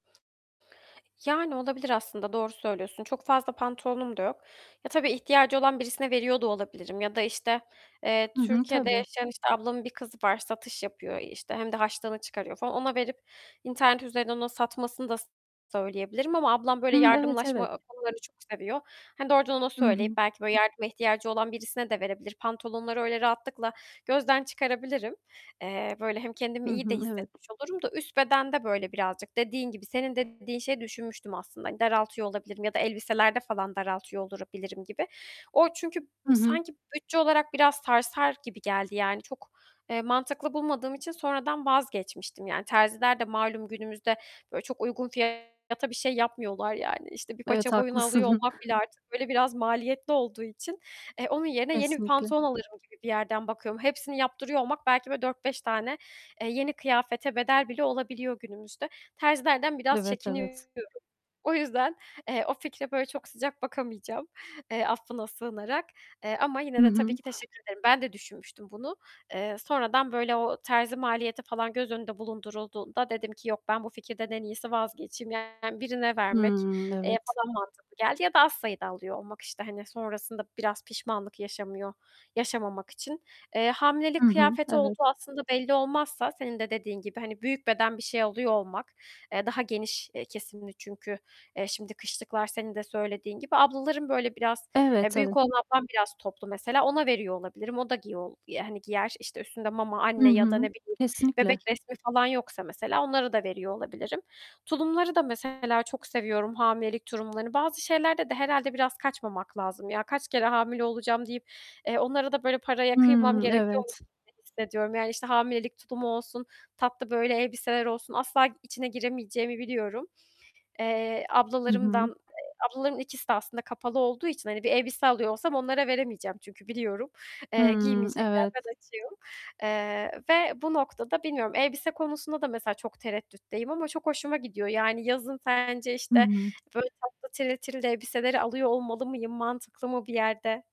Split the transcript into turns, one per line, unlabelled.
Yani, olabilir aslında, doğru söylüyorsun. Çok fazla pantolonum da yok. Ya, tabii ihtiyacı olan birisine veriyor da olabilirim ya da işte, eee,
Hı hı,
Türkiye'de
tabii.
yaşayan, işte, ablamın bir kızı var, satış yapıyor işte. Hem de harçlığını çıkarıyor falan. Ona verip internet üzerinden onun satmasını da söyleyebilirim. Ama ablam böyle
Hıı, evet, evet.
yardımlaşma konularını çok seviyor. Hani, doğrudan ona
Hı hı.
söyleyip belki böyle yardıma ihtiyacı olan birisine de verebilir pantolonları. Öyle rahatlıkla gözden çıkarabilirim. Eee, böyle hem
Hı
kendimi iyi de
hı, evet.
hissetmiş olurum da üst bedende böyle birazcık dediğin gibi. Senin dediğin şeyi düşünmüştüm aslında. Daraltıyor olabilirim ya da elbiselerde falan daraltıyor olabilirim gibi. O çünkü
Hı hı.
sanki bütçe olarak biraz sarsar gibi geldi. Yani, çok, eee, mantıklı bulmadığım için sonradan vazgeçmiştim. Yani, terziler de malum günümüzde, böyle, çok uygun fiyata bir şey yapmıyorlar. Yani, işte, bir
Evet,
paça boyunu alıyor
haklısın.
olmak bile artık böyle biraz maliyetli olduğu için, e, onun yerine yeni bir
Kesinlikle.
pantolon alırım gibi bir yerden bakıyorum. Hepsini yaptırıyor olmak belki böyle 4-5 tane, eee, yeni kıyafete bedel bile olabiliyor günümüzde. Terzilerden biraz
Evet,
çekiniyorum.
evet.
O yüzden, eee, o fikre böyle çok sıcak bakamayacağım, eee, affına sığınarak. Eee, ama
Hı
yine de tabii
hı.
ki teşekkür ederim. Ben de düşünmüştüm bunu. Eee, sonradan böyle o terzi maliyeti falan göz önünde bulundurulduğunda dedim ki "Yok, ben bu fikirden en iyisi vazgeçeyim." Yani, birine vermek,
Hımm,
eee,
evet.
daha mantıklı geldi. Ya da az sayıda alıyor olmak, işte, hani, sonrasında biraz pişmanlık yaşamıyor yaşamamak için. Eee,
Hı
hamilelik
hı,
kıyafeti
evet.
olduğu aslında belli olmazsa senin de dediğin gibi, hani, büyük beden bir şey alıyor olmak, eee, daha geniş, eee, kesimli çünkü, eee, şimdi kışlıklar senin de söylediğin gibi. Ablaların böyle biraz,
Evet.
eee, büyük
Tabii.
olan ablam biraz toplu mesela. Ona veriyor olabilirim. O da giyol yani giyer. İşte, üstünde mama,
Hı
anne ya da
hı,
ne bileyim
kesinlikle.
bebek resmi falan yoksa mesela onlara da veriyor olabilirim. Tulumları da mesela çok seviyorum hamilelik tulumlarını. Bazı şeylerde de herhâlde biraz kaçmamak lazım. "Ya, kaç kere hamile olacağım." deyip, eee, onlara da böyle paraya kıymam
Hımm,
gerekiyormuş
evet.
gibi hissediyorum. Yani, işte, hamilelik tulumu olsun, tatlı böyle elbiseler olsun asla içine giremeyeceğimi biliyorum. Eee,
I
ablalarımdan
hı.
eee, ablaların ikisi de aslında kapalı olduğu için, hani, bir elbise alıyor olsam onlara veremeyeceğim çünkü biliyorum, eee,
Hımm,
giymeyecekler.
evet.
Ben açığım. Eee, ve bu noktada bilmiyorum. Elbise konusunda da mesela çok tereddütteyim ama çok hoşuma gidiyor. Yani, yazın sence,
Hı
işte,
hı.
böyle, tatlı, tiril tiril elbiseleri alıyor olmalı mıyım? Mantıklı mı bir yerde?